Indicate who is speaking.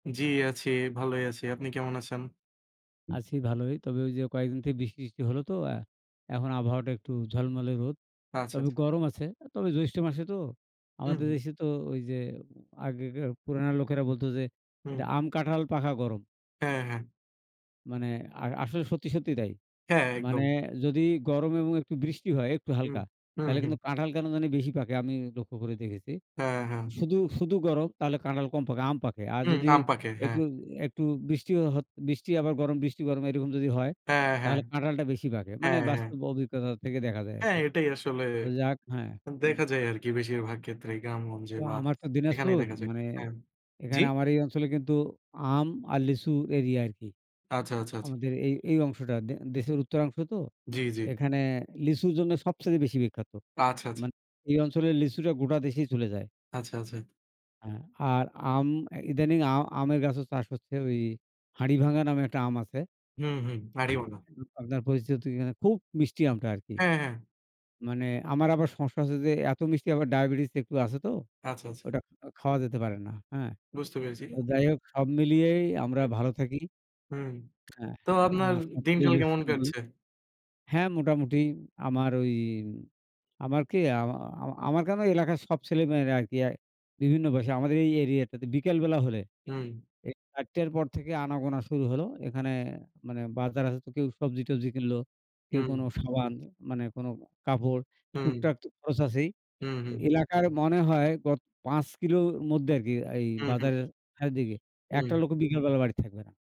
Speaker 1: জি আছি, ভালোই আছি। আপনি কেমন আছেন?
Speaker 2: আছি ভালোই। তবে ঐ যে কয়েকদিন থেকে বৃষ্টি-টিষ্টি হলো তো, এখন আবহাওয়াটা একটু ঝলমলে রোদ, তবে
Speaker 1: আচ্ছা।
Speaker 2: গরম আছে। তবে জ্যৈষ্ঠ মাসে তো
Speaker 1: হুম,
Speaker 2: আমাদের
Speaker 1: হু।
Speaker 2: দেশে তো ঐ যে আগেকার পুরানা লোকেরা বলতো যে
Speaker 1: হুম।
Speaker 2: এটা আম কাঁঠাল পাকা গরম।
Speaker 1: হ্যাঁ, হ্যাঁ।
Speaker 2: মানে, আ আসলে সত্যি, সত্যি তাই।
Speaker 1: হ্যাঁ,
Speaker 2: মানে,
Speaker 1: একদম।
Speaker 2: যদি গরম এবং একটু বৃষ্টি হয় একটু
Speaker 1: হুম,
Speaker 2: হালকা
Speaker 1: হু,
Speaker 2: তাহলে
Speaker 1: হুম।
Speaker 2: কিন্তু কাঁঠাল কেন জানি বেশি পাকে, আমি লক্ষ্য করে দেখেছি।
Speaker 1: হ্যাঁ, হ্যাঁ।
Speaker 2: শুধু, শুধু গরম তাহলে কাঁঠাল কম পাকে, আম পাকে। আর
Speaker 1: হুম,
Speaker 2: যদি
Speaker 1: আম পাকে। হ্যাঁ।
Speaker 2: একটু একটু বৃষ্টিও হ বৃষ্টি আবার গরম, বৃষ্টি গরম এ রকম যদি হয়,
Speaker 1: হ্যাঁ, হ্যাঁ।
Speaker 2: তাহলে কাঁঠালটা বেশি পাকে। মানে,
Speaker 1: হ্যাঁ, হ্যাঁ।
Speaker 2: বাস্তব অভিজ্ঞতা থেকে দেখা যায়
Speaker 1: হ্যাঁ,
Speaker 2: আরকি।
Speaker 1: এটাই আসলে
Speaker 2: ওই যাক হ্যাঁ, হু।
Speaker 1: দেখা যায় আর কি বেশিরভাগ ক্ষেত্রেই গ্রামগঞ্জে
Speaker 2: তো
Speaker 1: বা
Speaker 2: আমার তো
Speaker 1: এখানেই
Speaker 2: দিনাজপুর,
Speaker 1: দেখা যায়।
Speaker 2: মানে
Speaker 1: হ্যাঁ, জি?
Speaker 2: এখানে আমার এই অঞ্চলে কিন্তু আম আর লিচু এরিয়া আরকি।
Speaker 1: আচ্ছা, আচ্ছা, আচ্ছা।
Speaker 2: আমাদের এই অংশটা দেশের উত্তর অংশ তো
Speaker 1: জি, জি।
Speaker 2: এখানে লিচুর জন্য সবচেয়ে বেশি বিখ্যাত।
Speaker 1: আচ্ছা, আচ্ছা।
Speaker 2: মানে এই অঞ্চলের লিচুটা গোটা দেশে চলে যায়।
Speaker 1: আচ্ছা, আছে।
Speaker 2: অ্যা আর আম ইদানিং আ আমের গাছেও চাষ হচ্ছে। ওই হাড়ি ভাঙ্গা নামে একটা আম আছে।
Speaker 1: হুম, হু, হাড়িওয়ালা।
Speaker 2: [unintelligible] আপনার পরিচিতি কি না খুব মিষ্টি আমটা, আরকি।
Speaker 1: হ্যাঁ, হ্যাঁ।
Speaker 2: মানে, আমার আবার সমস্যা হচ্ছে যে এত মিষ্টি আবার ডায়াবেটিস একটু আছে তো,
Speaker 1: আচ্ছা, আচ্ছা।
Speaker 2: ওটা খাওয়া যেতে পারে না। হ্যাঁ,
Speaker 1: বুঝতে পেরেছি।
Speaker 2: তো যাই হোক, সব মিলিয়ে আমরা
Speaker 1: হু।
Speaker 2: ভালো থাকি
Speaker 1: হুম।
Speaker 2: হ্যাঁ,
Speaker 1: তো
Speaker 2: আ
Speaker 1: আপনার
Speaker 2: সব
Speaker 1: দিন কাল
Speaker 2: পরিবেশ
Speaker 1: কেমন
Speaker 2: কিন্তু,
Speaker 1: কাটছে?
Speaker 2: হ্যাঁ, মোটামুটি আমার ওই, আমার কি, আ আমা আমার কেন এলাকার সব ছেলে মেয়েরা আরকি অ্যা বিভিন্ন ভাষা আমাদের এই এরিয়াটাতে বিকেলবেলা হলে,
Speaker 1: হুম।
Speaker 2: এই ৪ টের পর থেকে আনাগোনা শুরু হলো। এখানে মানে বাজার আছে তো কেউ সবজি-টবজি কিনলো। কেউ কোন
Speaker 1: হুম।
Speaker 2: সাবান, মানে কোন কাপড়
Speaker 1: হুম।
Speaker 2: টুকটাক তো খরচ আছেই।
Speaker 1: হুম, হু।
Speaker 2: এলাকার মনে হয় গত ৫ কিলো মধ্যে আরকি এই
Speaker 1: হুম, হু।
Speaker 2: বাজারের দিকে একটা
Speaker 1: হুম।
Speaker 2: লোকও বিকেলবেলা বাড়িতে থাকবে না।